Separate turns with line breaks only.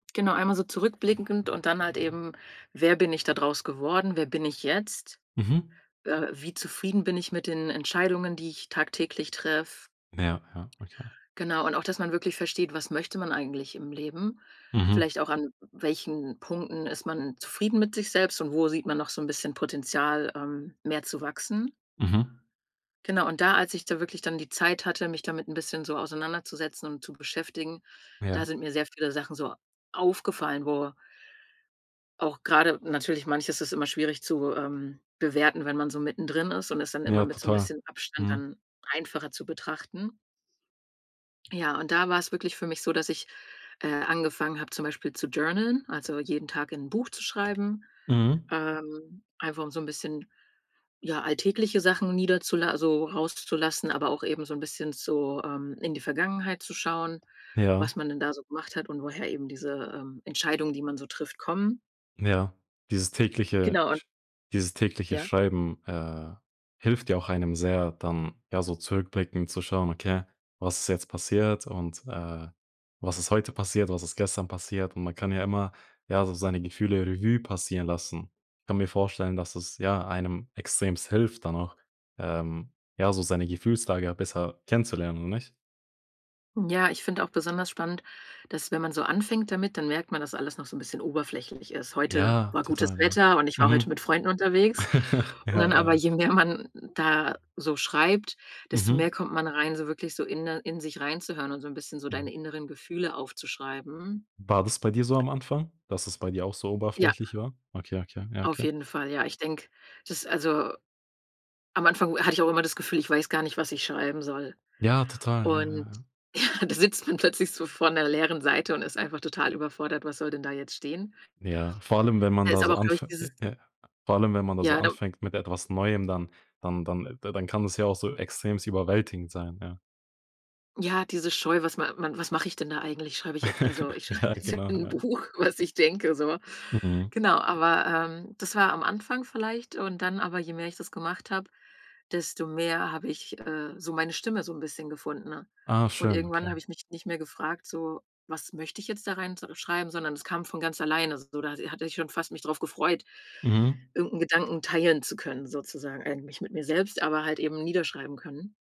Genau, einmal so zurückblickend und dann halt eben, wer bin ich da draus geworden? Wer bin ich jetzt?
Mhm.
Äh, wie zufrieden bin ich mit den Entscheidungen, die ich tagtäglich treffe?
Ja, ja, okay.
Genau, und auch, dass man wirklich versteht, was möchte man eigentlich im Leben,
Mhm.
vielleicht auch, an welchen Punkten ist man zufrieden mit sich selbst und wo sieht man noch so 'n bisschen Potenzial, ähm, mehr zu wachsen?
Mhm.
Genau, und da, als ich da wirklich dann die Zeit hatte, mich damit 'n bisschen so auseinanderzusetzen und zu beschäftigen, da
Ja.
sind mir sehr viele Sachen so aufgefallen, wo auch grade natürlich, manches ist immer schwierig zu, ähm, bewerten, wenn man so mittendrin ist, und es dann immer
Ja,
mit so 'n
total.
bisschen Abstand
Mhm.
dann einfacher zu betrachten. Ja, und da war es wirklich für mich so, dass ich, äh, angefangen habe, zum Beispiel zu journaln, also jeden Tag in 'n Buch zu schreiben,
Mhm.
ähm, einfach um so 'n bisschen, ja, alltägliche Sachen niederzula also rauszulassen, aber auch eben so 'n bisschen so, ähm, in die Vergangenheit zu schauen,
Ja.
was man denn da so gemacht hat und woher eben diese, ähm, Entscheidungen, die man so trifft, kommen.
Ja, dieses tägliche
Genau, und
Sch dieses tägliche
Ja?
Schreiben, äh, hilft ja auch einem sehr, dann, ja, so zurückblickend zu schauen: „Okay, was ist jetzt passiert und, äh, was ist heute passiert, was ist gestern passiert?”, und man kann ja immer, ja, so seine Gefühle Revue passieren lassen. Ich kann mir vorstellen, dass es, ja, einem extrem hilft dann auch, ähm, ja, so seine Gefühlslage besser kennenzulernen, oder nicht?
Ja, ich finde auch besonders spannend, dass, wenn man so anfängt damit, dann merkt man, dass alles noch so 'n bisschen oberflächlich ist: „Heute
Ja,
war gutes
total, ja.
Wetter und ich war heute
Mhm.
mit Freunden unterwegs” und dann
Ja,
aber,
ja.
je mehr man da so schreibt, desto mehr
Mhm.
kommt man rein, so wirklich so inne in sich reinzuhören und so 'n bisschen so
Aha.
deine inneren Gefühle aufzuschreiben.
War das bei dir so am Anfang, dass es bei dir auch so
Ja
oberflächlich war? Okay, okay, ja,
auf
okay.
jeden Fall. Ja, ich denke, das ist also am Anfang wo hatte ich auch immer das Gefühl, ich weiß gar nicht, was ich schreiben soll,
Ja, total, ja, ja,
und,
ja.
ja, da sitzt man plötzlich so vor 'ner leeren Seite und ist einfach total überfordert, was soll denn da jetzt stehen.
Ja, vor allem, wenn man
Da
da
ist aber
so
auch, glaube ich,
anf
dieses
äh, ja vor allem, wenn man da so
Ja, da
anfängt mit etwas Neuem, dann dann dann da dann kann es ja auch so extrem überwältigend sein, ja.
Ja, diese Scheu, was ma man was mache ich denn da eigentlich? Schreibe ich jetzt also ich schreibe
Ja,
jetzt
genau,
in 'n
ja.
Buch, was ich denke, so.
Mhm.
Genau, aber, ähm, das war am Anfang vielleicht und dann aber, je mehr ich das gemacht habe, desto mehr habe ich, äh, so meine Stimme so 'n bisschen gefunden, ne,
Ah
und
schön,
irgendwann
okay.
habe ich mich nicht mehr gefragt: „So, was möchte ich jetzt da rein so schreiben?“, sondern es kam von ganz alleine, so. Da, äh, hatte ich schon fast mich drauf gefreut,
Mhm.
irgend 'n Gedanken teilen zu können, sozusagen eigentlich mit mir selbst, aber halt eben niederschreiben können.